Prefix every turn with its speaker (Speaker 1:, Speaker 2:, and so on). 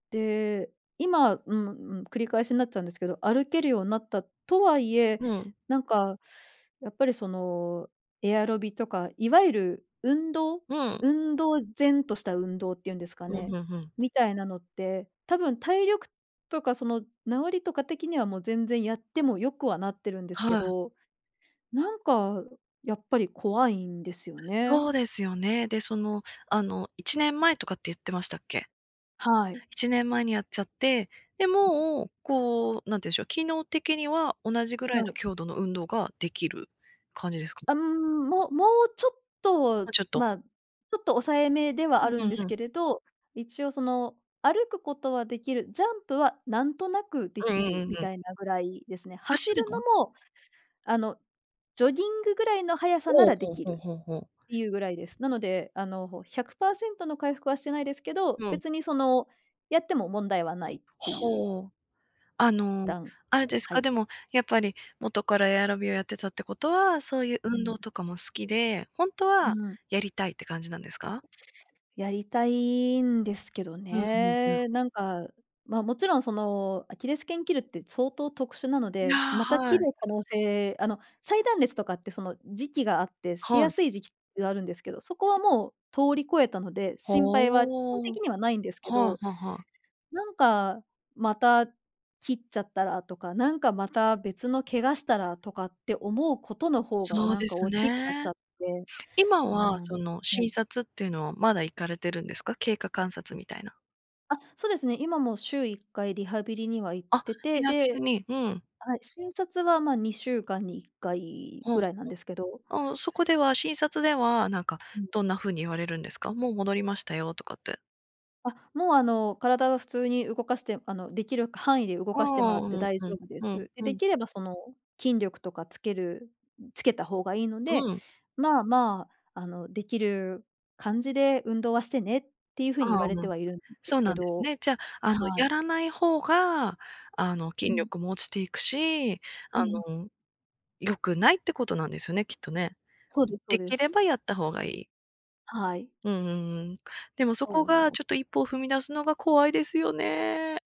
Speaker 1: で、今うんうん、繰り返しになっちゃうんですけど、歩けるようになったとはいえ、
Speaker 2: うん。
Speaker 1: なんかやっぱり、その、エアロビとか、いわゆる運動
Speaker 2: うん。
Speaker 1: 運動然とした運動ってゆんですか
Speaker 2: ふん
Speaker 1: ね、
Speaker 2: ふんふん。
Speaker 1: みたいなのって、多分体力とか、その、治りとか的にはもう全然やっても良くはなってるんですけ
Speaker 2: はい。
Speaker 1: ど、なんかやっぱり怖いんですよね。
Speaker 2: そうですよね。で、その、あの、1年前とかってゆってましたっけ？
Speaker 1: はい。
Speaker 2: 1年前にやっちゃって、で、もう、こう、なんてうゆんしょう、機能的には同じぐらい
Speaker 1: は
Speaker 2: の
Speaker 1: い。
Speaker 2: 強度の運動ができる感じですか？
Speaker 1: あ、うーん、ももうちょっ
Speaker 2: も
Speaker 1: と、
Speaker 2: うちょっと。
Speaker 1: まあ、ちょっと抑えめでは
Speaker 2: う
Speaker 1: あ
Speaker 2: ん
Speaker 1: る
Speaker 2: う
Speaker 1: ん
Speaker 2: ん
Speaker 1: で
Speaker 2: う
Speaker 1: す
Speaker 2: ん。
Speaker 1: けれど、一応、その、歩くことはできる、ジャンプはなんとなくで
Speaker 2: うん
Speaker 1: き
Speaker 2: うんう
Speaker 1: る
Speaker 2: ん
Speaker 1: み
Speaker 2: うん。
Speaker 1: たいなぐらいですね。
Speaker 2: 走
Speaker 1: 走る
Speaker 2: るの
Speaker 1: の
Speaker 2: は？
Speaker 1: も、あの、ジョギングぐらいの速さな
Speaker 2: おお、
Speaker 1: らで
Speaker 2: ほう
Speaker 1: きる
Speaker 2: ほうほうほう。
Speaker 1: っていうぐらいです。なので、あの、100%の回復はしてないですけど、
Speaker 2: うん。
Speaker 1: 別にその、やっても問題はないってゆう
Speaker 2: ほお。あの、
Speaker 1: 段
Speaker 2: あれです
Speaker 1: 階、
Speaker 2: か、
Speaker 1: はい。
Speaker 2: でも、やっぱり元からエアロビをやってたってことは、そうゆう
Speaker 1: う
Speaker 2: 運
Speaker 1: ん。
Speaker 2: 動とかも好きで、ほんと
Speaker 1: う
Speaker 2: は
Speaker 1: ん。
Speaker 2: やりたいって感じなんですか？
Speaker 1: やりたいんですけど
Speaker 2: うんうんうん。
Speaker 1: ね。なんか、ま、もちろん、その、アキレス腱切るって相当特殊なの
Speaker 2: いや、
Speaker 1: で、また切
Speaker 2: は
Speaker 1: る
Speaker 2: い。
Speaker 1: 可能性あの、再断裂とかって、その、時期があって、し
Speaker 2: は
Speaker 1: や
Speaker 2: い。
Speaker 1: すい時期があるんですけど、そこはもう通り越えたので、
Speaker 2: ほ、
Speaker 1: 心配は基本
Speaker 2: お
Speaker 1: 的
Speaker 2: お。
Speaker 1: にはないんですけ
Speaker 2: は
Speaker 1: ど、
Speaker 2: いはいはい。
Speaker 1: なんか、また切っちゃったらとか、なんかまた別の怪我したらとかって思うことのほうが
Speaker 2: そう
Speaker 1: なん
Speaker 2: で
Speaker 1: か
Speaker 2: す
Speaker 1: おっきくなっち
Speaker 2: ね。
Speaker 1: ゃって、
Speaker 2: 今
Speaker 1: うー
Speaker 2: は、
Speaker 1: ん、
Speaker 2: その
Speaker 1: は
Speaker 2: 診
Speaker 1: い。
Speaker 2: 察っていうのはまだ行かれてるんですか？経過観察みたいな。
Speaker 1: あ、そですね、今も週1回リハビリには行っ
Speaker 2: あ、
Speaker 1: て
Speaker 2: リ
Speaker 1: て、
Speaker 2: ハビリ
Speaker 1: で
Speaker 2: に、うん。
Speaker 1: はい、診察は、まあ、2週間に1回
Speaker 2: うんう
Speaker 1: ぐ
Speaker 2: ん。
Speaker 1: らいなんですけど
Speaker 2: ああ、そこでは、診察では、なんか、
Speaker 1: うん。
Speaker 2: どんな風に言われるんですか？もう戻りましたよ、とかって。
Speaker 1: あ、もう、あの、体は普通に動かして、あの、できる範囲で動
Speaker 2: ああ
Speaker 1: かしても
Speaker 2: ああ、
Speaker 1: らっ
Speaker 2: う
Speaker 1: て
Speaker 2: ん
Speaker 1: 大
Speaker 2: う
Speaker 1: 丈
Speaker 2: ん、
Speaker 1: 夫で
Speaker 2: うん
Speaker 1: す。で、
Speaker 2: う
Speaker 1: で
Speaker 2: ん。
Speaker 1: きればその、筋力とかつけるん、つけた方がいいので、
Speaker 2: うん。
Speaker 1: まあまあ、あの、できる感じで運動はしてねってゆう風
Speaker 2: あ
Speaker 1: に言
Speaker 2: あ、
Speaker 1: われ
Speaker 2: う
Speaker 1: て
Speaker 2: ん。
Speaker 1: はいるんで
Speaker 2: そ
Speaker 1: す
Speaker 2: うな
Speaker 1: け
Speaker 2: んです
Speaker 1: ど。
Speaker 2: ね。じゃあ、あの、
Speaker 1: は
Speaker 2: や
Speaker 1: い。
Speaker 2: らない方が、あの、
Speaker 1: う
Speaker 2: 筋
Speaker 1: ん。
Speaker 2: 力も落ちていくし、
Speaker 1: う
Speaker 2: あ
Speaker 1: ん。
Speaker 2: の、良くないってことなんですよね、きっとね。
Speaker 1: そうですそう
Speaker 2: 出
Speaker 1: で
Speaker 2: 来れ
Speaker 1: す。
Speaker 2: ばやった方がいい。
Speaker 1: はい。
Speaker 2: うんうんうん。でもそ
Speaker 1: そ
Speaker 2: こが
Speaker 1: う。
Speaker 2: ちょっと、1歩を踏み出すのが怖いですよね。